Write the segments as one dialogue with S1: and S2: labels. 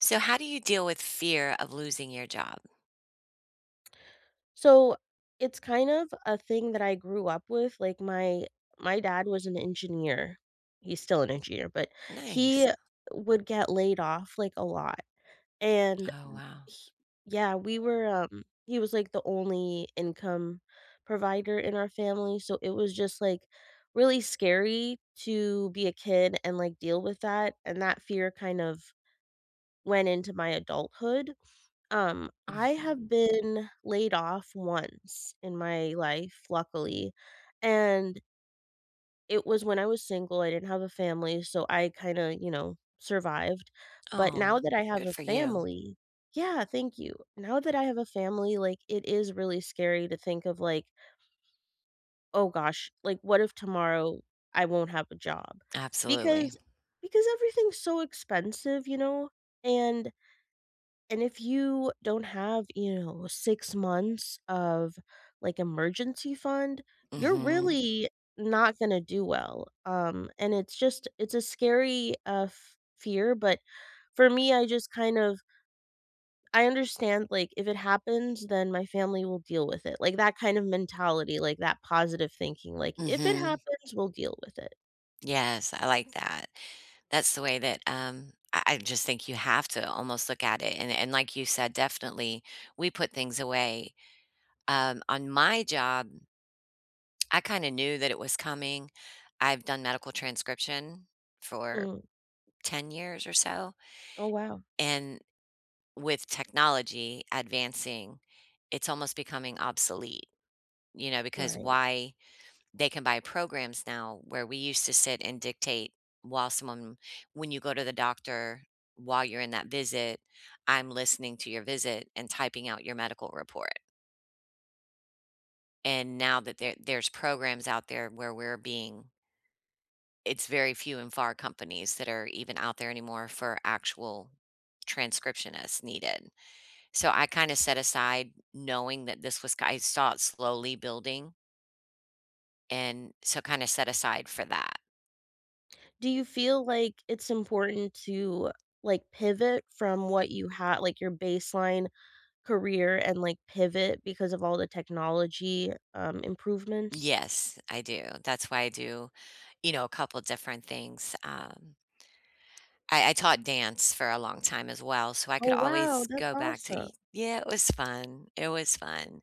S1: So, how do you deal with fear of losing your job?
S2: So, it's kind of a thing that I grew up with, like, my my dad was an engineer. He's still an engineer, but
S1: Nice.
S2: he would get laid off, like, a lot, and,
S1: Oh,
S2: m
S1: wow.
S2: h Yeah, we were, um he was, like, the only income provider in our family, so it was just, like, really scary to be a kid and, like, deal with that, and that fear kind of went into my adulthood. Um, I
S1: Mhm.
S2: have been laid off once in my life, luckily, and it was when I was single, I didn't have a family, so, I kinda, you know, survived. But
S1: Aw.
S2: now that I have
S1: Good
S2: a
S1: for you.
S2: family Yeah, thank you. Now that I have a family, like, it is really scary to think of, like oh gosh, like, what if tomorrow, I won't have a job?
S1: Absolutely.
S2: Because because everything's so expensive, you know? And and if you don't have, you know, uh, 6 months of, like, emergency fund, you're
S1: Mhm.
S2: really not gonna do well, um, and it's just it's a scary, uh, f fear. But for me, I just kind of I understand, like, if it happens, then my family will deal with it, like, that kind of mentality, like, that positive that thinking, like, if it
S1: Mhm.
S2: happens, we'll deal with it.
S1: Yes, I like that. That's the way that, um, I I just think you have to almost look at it and and like you said, definitely, we put things away. Um, on my job I kinda knew that it was coming. I've done medical transcription for
S2: Mm.
S1: 10 years or so.
S2: Oh, wow.
S1: And with technology advancing, it's almost becoming obsolete. You know, because
S2: Right.
S1: why They can buy programs now where we used to sit and dictate while someone When you go to the doctor, while you're in that visit, I'm listening to your visit and typing out your medical report. And now that there there's programs out there where we're being It's very few and far companies that are even out there anymore for actual transcriptionists needed. So, I kinda set aside knowing that this was c I saw it slowly building and so kinda set aside for that.
S2: Do you feel like it's important to, like, pivot from what you ha like, your baseline career and, like, pivot because of all the technology, um, improvements?
S1: Yes. I do. That's why I do, you know, a couple different things. Um I I taught dance for a long time as well, so I could
S2: Oh wow,
S1: always
S2: that's
S1: go back to
S2: awesome.
S1: e yeah, it was fun. It was fun.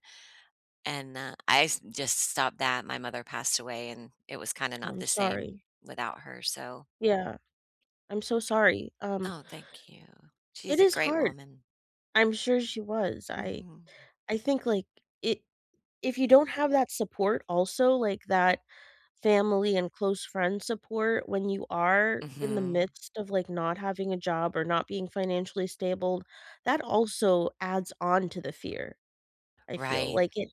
S1: And, uh, I s just stopped that. My mother passed away, and it was kinda
S2: Oh,
S1: not
S2: I'm
S1: the same
S2: sorry.
S1: without her. So
S2: Yeah. I'm so sorry. Um
S1: Oh, thank you.
S2: It
S1: She's a
S2: is
S1: great
S2: hard.
S1: woman.
S2: I'm sure she was. I
S1: Mhm.
S2: I think, like, i if you don't have that support also, like that family and close friend support when you are in the
S1: Mhm.
S2: midst of, like, not having a job or not being financially stable, that also adds on to the fear, I feel.
S1: Right.
S2: Like, it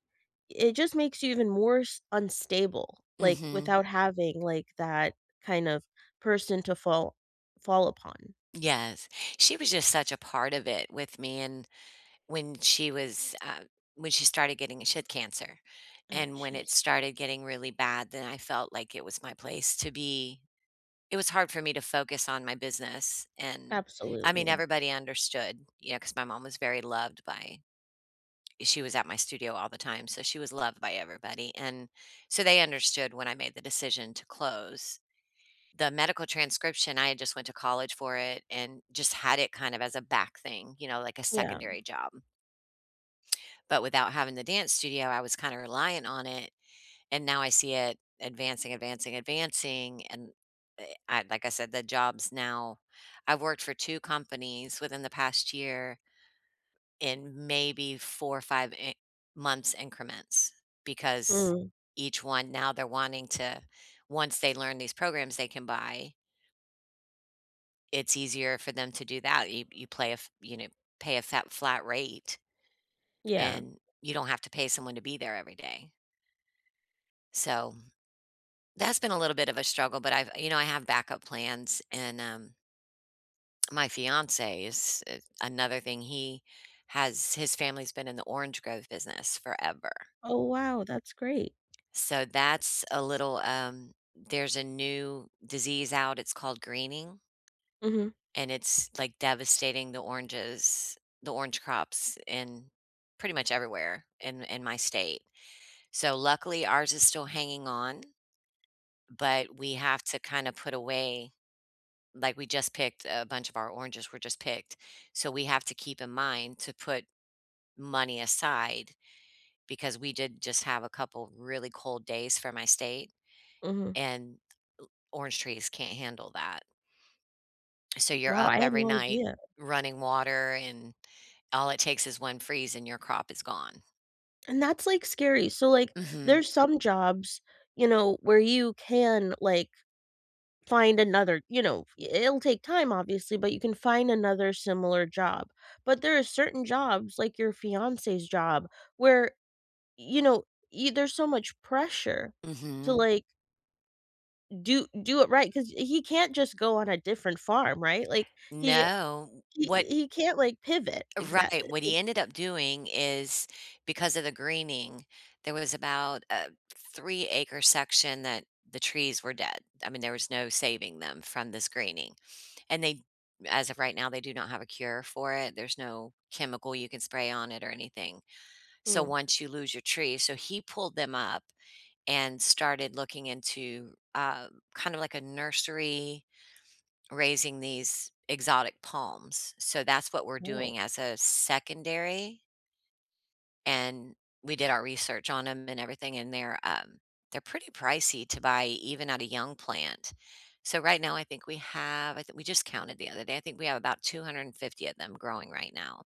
S2: it just makes you even more s unstable, like,
S1: Mhm.
S2: without having, like, that kind of person to fall fall upon.
S1: Yes. She was just such a part of it with me, and when she was, um when she started getting she had cancer,
S2: Ah,
S1: and when it
S2: jeez.
S1: started getting really bad, then I felt like it was my place to be it was hard for me to focus on my business, and, I
S2: Absolutely,
S1: mean,
S2: yeah.
S1: everybody understood, you know, because my mom was very loved by she was at my studio all the time, so she was loved by everybody, and so they understood when I made the decision to close. The medical transcription, I had just went to college for it and just had it kind of as a back thing, you know, like a
S2: Yeah.
S1: secondary job. But without having the dance studio, I was kinda relying on it, and now I see it advancing, advancing, advancing, and I like I said, the jobs now I've worked for 2 companies within the past year in maybe, 4, 5 i months increments, because
S2: Mm.
S1: each one now they're wanting to once they learn these programs they can buy it's easier for them to do that. You you play a you know, pay a fat flat rate,
S2: Yeah.
S1: and you don't have to pay someone to be there every day. So, that's been a little bit of a struggle, but I've you know, I have backup plans, and, um my fiancé is i another thing. He has his family's been in the orange grove business forever.
S2: Oh, wow. That's great.
S1: So, that's a little, um there's a new disease out. It's called greening
S2: Mhm.
S1: and it's, like, devastating the oranges, the orange crops, in pretty much everywhere in in my state. So, luckily, ours is still hanging on, but we have to kinda put away like, we just picked a bunch of our oranges were just picked. So, we have to keep in mind to put money aside, because we did just have a couple really cold days for my state,
S2: Mhm.
S1: and l orange trees can't handle that. So, you're
S2: Wow,
S1: up
S2: I had
S1: every
S2: no
S1: night
S2: idea.
S1: running water, and all it takes is one freeze, and your crop is gone.
S2: And that's, like, scary. So, like,
S1: Mhm.
S2: there's some jobs, you know, where you can, like, find another you know, i i it'll take time, obviously, but you can find another similar job. But there are certain jobs, like your fiancé's job where, you know, y there's so much pressure to,
S1: Mhm.
S2: like do do it right, 'cause he can't just go on a different farm, right? Like, he
S1: No.
S2: he
S1: What
S2: he can't, like, pivot, exact
S1: Right. What he
S2: like
S1: ended up doing is, because of the greening, there was about a 3 acre section that, the trees were dead. I mean, there was no saving them from this greening, and they as of right now, they do not have a cure for it, there's no chemical you can spray on it or anything. So,
S2: Mm.
S1: once you lose your tree so he pulled them up, and started looking into, uh, kind of like a nursery, raising these exotic palms, so that's what we're
S2: Whoa.
S1: doing as a secondary. And we did our research on 'em and everything and they're, um, they're pretty pricey to buy even at a young plant. So right now, I think we have I thi we just counted the other day- I think we have about 250 of them growing right now.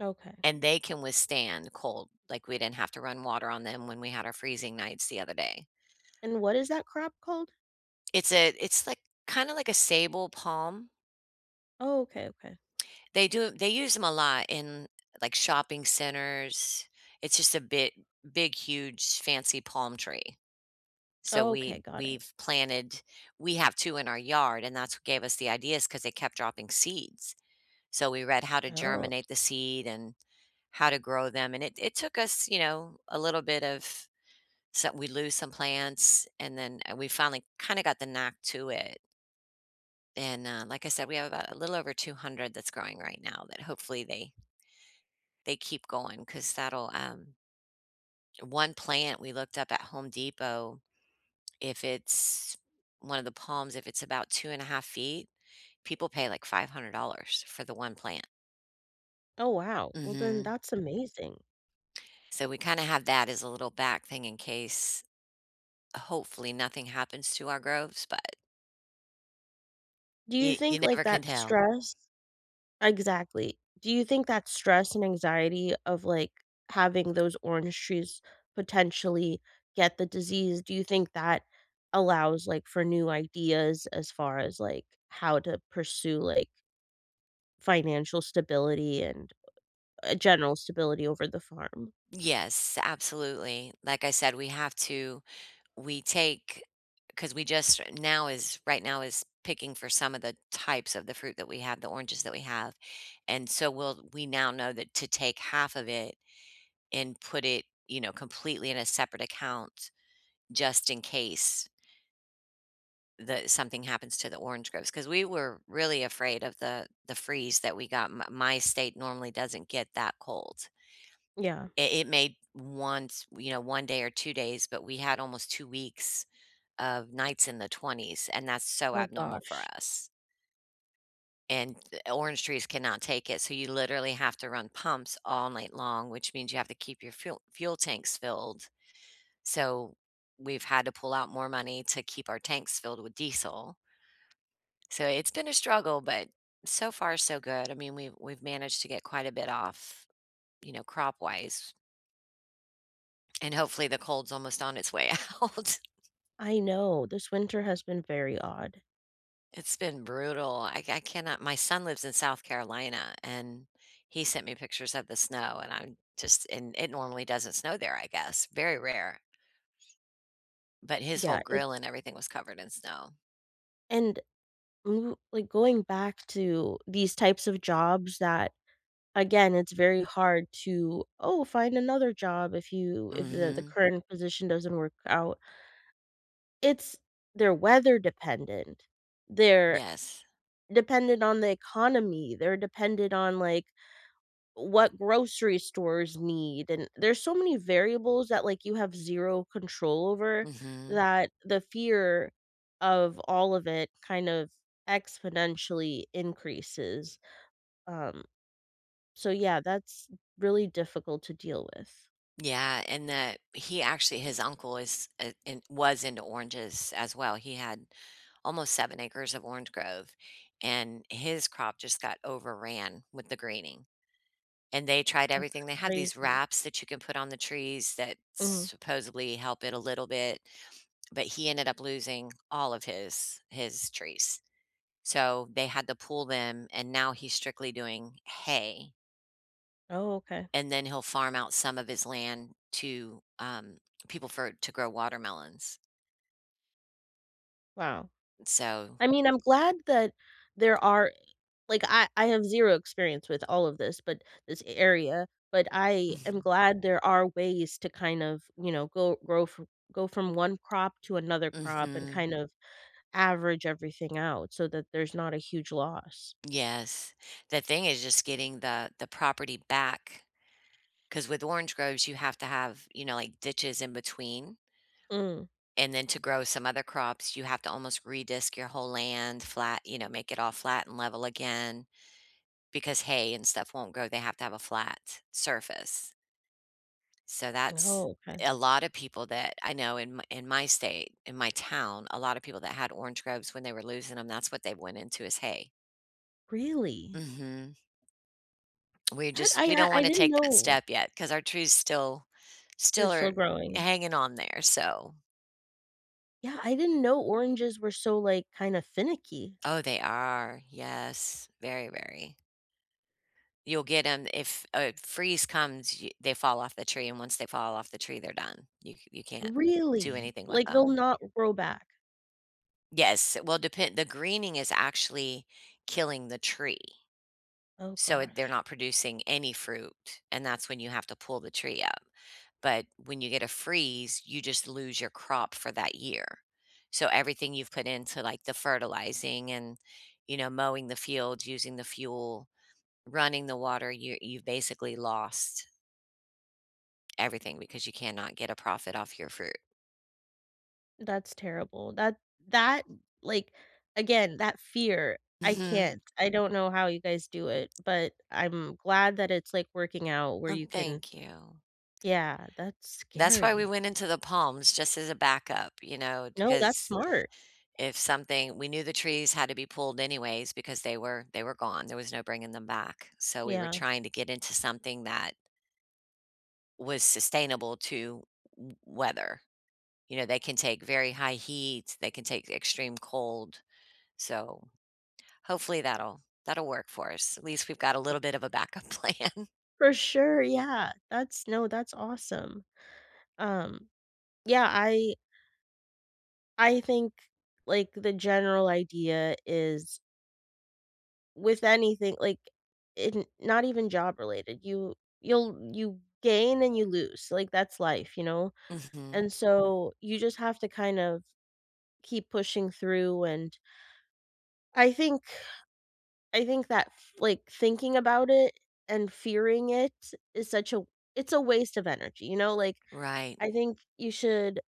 S2: Okay.
S1: And they can withstand cold, like, we didn't have to run water on them when we had our freezing nights the other day.
S2: And what is that crop called?
S1: It's a it's, like, kinda like a sabal palm.
S2: Oh, okay, okay.
S1: They do they use 'em a lot in, like, shopping centers. It's just a bit big, huge, fancy palm tree. So, we
S2: Okay, got it.
S1: we've planted we have 2 in our yard, and that's what gave us the ideas 'cause they kept dropping seeds. So, we read how to
S2: Oh.
S1: germinate the seed and how to grow them and it it took us, you know, a little bit of some we lose some plants, and then we finally kinda got the knack to it. And, uh, like I said, we have about a little over 200 that's growing right now that hopefully they they keep going 'cause that'll, um 1 plant- we looked up at Home Depot- if it's one of the palms, if it's about 2 1/2 feet, people pay, like, $500 for the one plant.
S2: Oh, wow. Well, then
S1: Mhm.
S2: that's amazing.
S1: So, we kinda have that as a little back thing in case. Hopefully, nothing happens to our groves, but
S2: Do you
S1: you you
S2: think, like,
S1: never can
S2: that
S1: tell.
S2: stress Exactly. Do you think that stress and anxiety of, like, having those orange trees potentially get the disease, do you think that allows, like, for new ideas as far as, like, how to pursue, like financial stability and a general stability over the farm.
S1: Yes. Absolutely. Like I said, we have to we take 'cause we just now is right now is picking for some of the types of the fruit that we have the oranges that we have, and so, we'll, we now know that to take half of it and put it, you know, completely in a separate account just in case that something happens to the orange groves. 'Cause we were really afraid of the the freeze that we got. M my state normally doesn't get that cold.
S2: Yeah.
S1: I it may once you know, 1 day or 2 days but we had almost 2 weeks of nights in the 20s, and that's so
S2: Oh
S1: abnormal for
S2: gosh.
S1: us. And, eh, orange trees cannot take it, so you literally have to run pumps all night long, which means you have to keep your fuel fuel tanks filled. So, we've had to pull out more money to keep our tanks filled with diesel. So, it's been a struggle, but so far so good, I mean, we we we've managed to get quite a bit off, you know, crop-wise. And, hopefully, the cold's almost on its way out.
S2: I know, this winter has been very odd.
S1: It's been brutal. I ca I cannot My son lives in South Carolina, and he sent me pictures of the snow and I'm just and it normally doesn't snow there, I guess, very rare. But his whole
S2: Yeah,
S1: grill
S2: it's
S1: and everything was covered in snow.
S2: And ooh, like, going back to these types of jobs that, again, it's very hard to, "Oh, find another job if you if the the
S1: Mhm.
S2: current position doesn't work out." It's they're weather-dependent. They're
S1: Yes.
S2: dependent on the economy, they're dependent on, like, what grocery stores need and there's so many variables that, like, you have 0 control over
S1: Mhm.
S2: that the fear of all of it kind of exponentially increases. Um, so yeah, that's really difficult to deal with.
S1: Yeah, and that he actually his uncle is i in was into oranges as well. He had almost 7 acres of orange grove, and his crop just got overran with the greening, and they tried
S2: That's
S1: everything. They have these
S2: crazy.
S1: wraps that you can put on the trees that
S2: Mm.
S1: supposedly help it a little bit, but he ended up losing all of his his trees, so, they had to pull them, and now he's strictly doing hay
S2: Oh, okay.
S1: and then he'll farm out some of his land to, um, people for to grow watermelons.
S2: Wow.
S1: So
S2: I mean, I'm glad that there are i like, I I have zero experience with all of this, but this a area but I am glad there are ways to kind of, you know, go grow fr go from one crop to another crop, and
S1: Mhm.
S2: kind of, average everything out so that there's not a huge loss.
S1: Yes. The thing is just getting the the property back, 'cause with orange groves, you have to have, you know, like, ditches in between
S2: Mm.
S1: and then to grow some other crops, you have to almost re-disc your whole land flat, you know, make it all flat and level again, because hay and stuff won't grow, they have to have a flat surface. So that's
S2: Oh, 'kay.
S1: A lot of people that I know in my in my state, in my town, a lot of people that had orange groves, when they were losing 'em, that's what they went into was hay.
S2: Really?
S1: Mhm. We
S2: That,
S1: just
S2: I,
S1: we
S2: uh
S1: don't
S2: I
S1: wanna
S2: didn't
S1: take that
S2: know.
S1: step yet, 'cause our trees still
S2: They're
S1: still are
S2: still growing.
S1: hanging on there. So
S2: Yeah, I didn't know oranges were so, like, kinda finicky.
S1: Oh, they are. Yes. Very, very. You'll get 'em if, uh, freeze comes, y they fall off the tree, and once they fall off the tree, they're done. You you can't do
S2: Really?
S1: anything with
S2: Like, they'll
S1: them.
S2: not grow back?
S1: Yes, uh, well, depend the greening is actually killing the tree.
S2: Oh,
S1: So, it they're
S2: gosh.
S1: not producing any fruit, and that's when you have to pull the tree up. But when you get a freeze, you just lose your crop for that year. So, everything you've put into, like, the fertilizing and, you know, mowing the fields, using the fuel, running the water, your you've basically lost everything, because you cannot get a profit off your fruit.
S2: That's terrible. That that, like, again, that fear, I
S1: Mhm.
S2: can't. I don't know how you guys do it, but I'm glad that it's, like, working out where
S1: Oh,
S2: you can
S1: thank you.
S2: Yeah, that's
S1: That's why we
S2: scary.
S1: went into the palms, just as a backup, you know,
S2: No, that's
S1: because
S2: smart.
S1: if something we knew the trees had to be pulled anyways, because they were they were gone. There was no bringing them back. So, we were
S2: Yeah.
S1: trying to get into something that was sustainable to w w weather. You know, they can take very high heat, they can take extreme cold. So, hopefully, that'll that'll work for us. At least we've got a
S2: Right.
S1: little bit of a backup plan.
S2: For sure, yeah. That's no, that's awesome. Um, yeah. I I think, like, the general idea is with anything like, in not even job related. You you'll you gain and you lose. Like, that's life, you know?
S1: Mhm.
S2: And so, you just have to, kind of, keep pushing through, and I think I think that, f like, thinking about it, and fearing it, is such a it's a waste of energy, you know? Like,
S1: Right.
S2: I think you should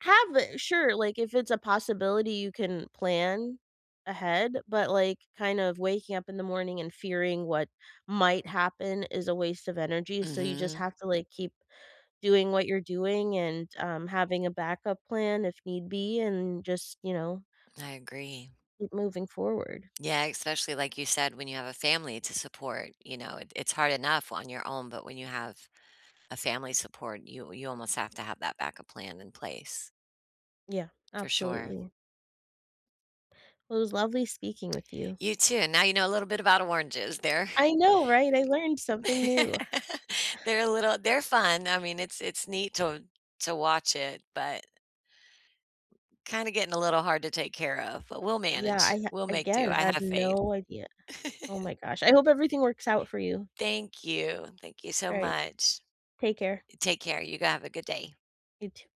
S2: have a sure, like, if it's a possibility, you can plan ahead, but, like, kind of waking up in the morning, and fearing what might happen is a waste of energy, so you just
S1: Mhm.
S2: have to, like, keep doing what you're doing, and, um, having a backup plan if need be, and just, you know
S1: I agree.
S2: keep moving forward.
S1: Yeah, especially, like you said, when you have a family to support, you know, it it's hard enough on your own, but when you have a family support, you you almost have to have that backup plan in place.
S2: Yeah.
S1: For sure.
S2: Absolutely. Well, it was lovely speaking with you.
S1: You too. Now you know a little bit about oranges. They're
S2: I know, right? I learned something new.
S1: They're a little they're fun. I mean, it's it's neat to to watch it, but kinda getting a little hard to take care of, but we'll
S2: Yeah,
S1: manage.
S2: I,
S1: We'll make do,
S2: again,
S1: I
S2: had
S1: have faith.
S2: no idea. Oh, my gosh. I hope everything works out for you.
S1: Thank you. Thank you so
S2: Right.
S1: much.
S2: Take care.
S1: Take care. You go have a good day.
S2: You too.